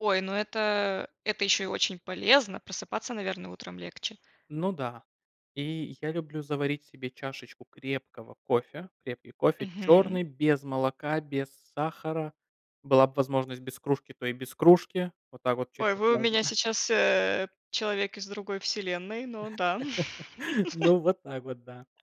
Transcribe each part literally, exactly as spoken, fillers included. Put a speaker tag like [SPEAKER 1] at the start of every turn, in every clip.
[SPEAKER 1] Ой, ну это это еще и очень полезно, просыпаться, наверно, утром легче?
[SPEAKER 2] Ну да. И я люблю заварить себе чашечку крепкого кофе. Крепкий кофе
[SPEAKER 1] Мгм.
[SPEAKER 2] черный, без молока, без сахара. Была бы возможность без кружки, то и без кружки. Вот так вот
[SPEAKER 1] Ой,
[SPEAKER 2] чисто
[SPEAKER 1] вы у
[SPEAKER 2] сложно.
[SPEAKER 1] меня сейчас, э, человек из другой вселенной, но да.
[SPEAKER 2] Ну. Вот так вот, да.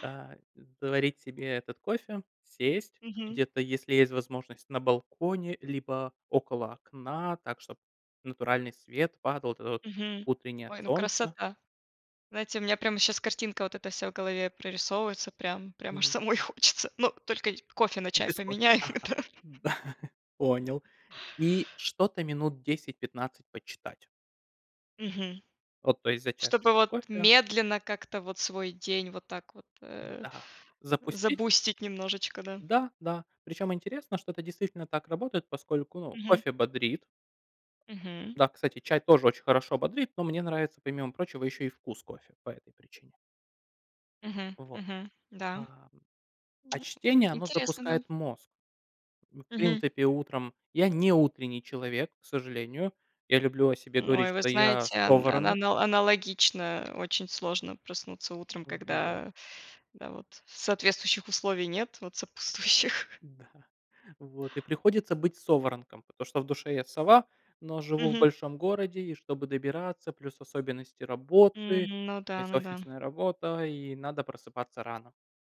[SPEAKER 2] Да, заварить себе этот кофе. Сесть
[SPEAKER 1] Мгм.
[SPEAKER 2] где-то, если есть возможность, на балконе, либо около окна так, чтобы натуральный свет падал, вот это вот
[SPEAKER 1] Мгм.
[SPEAKER 2] утреннее
[SPEAKER 1] Ой, ну
[SPEAKER 2] солнце.
[SPEAKER 1] красота. Знаете, у меня прям щас картинка вот эта вся в голове прорисовывается. Прям прям аж
[SPEAKER 2] Мгм.
[SPEAKER 1] самой
[SPEAKER 2] М.
[SPEAKER 1] хочется, но только ить кофе на чай
[SPEAKER 2] Без кофе.
[SPEAKER 1] поменяю.
[SPEAKER 2] Ага.
[SPEAKER 1] Это.
[SPEAKER 2] Да. Понял. И что-то минут десять пятнадцать почитать.
[SPEAKER 1] Мгм.
[SPEAKER 2] Вот. То есть за
[SPEAKER 1] Чтобы
[SPEAKER 2] чашечкой
[SPEAKER 1] вот
[SPEAKER 2] кофе.
[SPEAKER 1] медленно как-то вот свой день, вот так вот, э,
[SPEAKER 2] Да.
[SPEAKER 1] э,
[SPEAKER 2] Запустить?
[SPEAKER 1] забустить немножечко, да.
[SPEAKER 2] Да. Да. Причем интересно, что это действительно так работает, поскольку, ну,
[SPEAKER 1] Мгм.
[SPEAKER 2] кофе бодрит.
[SPEAKER 1] Мгм.
[SPEAKER 2] Да, кстати, чай тоже очень хорошо бодрит, но мне нравится помимо прочего еще и вкус кофе, по этой причине.
[SPEAKER 1] Мгм.
[SPEAKER 2] Вот.
[SPEAKER 1] Мгм. Да.
[SPEAKER 2] Ам. А
[SPEAKER 1] Вот.
[SPEAKER 2] чтение, оно
[SPEAKER 1] Интересно, да.
[SPEAKER 2] запускает мозг. Ну, в
[SPEAKER 1] Мгм.
[SPEAKER 2] принципе, утром я не утренний человек, к сожалению. Я люблю о себе говорить,
[SPEAKER 1] Ой, вы
[SPEAKER 2] что я
[SPEAKER 1] знаете, ан ан
[SPEAKER 2] соворонок.
[SPEAKER 1] анал аналогично, очень сложно проснуться утром,
[SPEAKER 2] Вот.
[SPEAKER 1] когда, да, вот соответствующих условий нет. Вот сопутствующих.
[SPEAKER 2] Да. Вот. И приходится быть соворонком, потому что в душе я сова, но живу в
[SPEAKER 1] Мгм.
[SPEAKER 2] большом городе и чтобы добираться, плюс особенности работы.
[SPEAKER 1] М. Ну
[SPEAKER 2] То
[SPEAKER 1] да.
[SPEAKER 2] есть
[SPEAKER 1] Ну да.
[SPEAKER 2] офисная работа и надо просыпаться рано.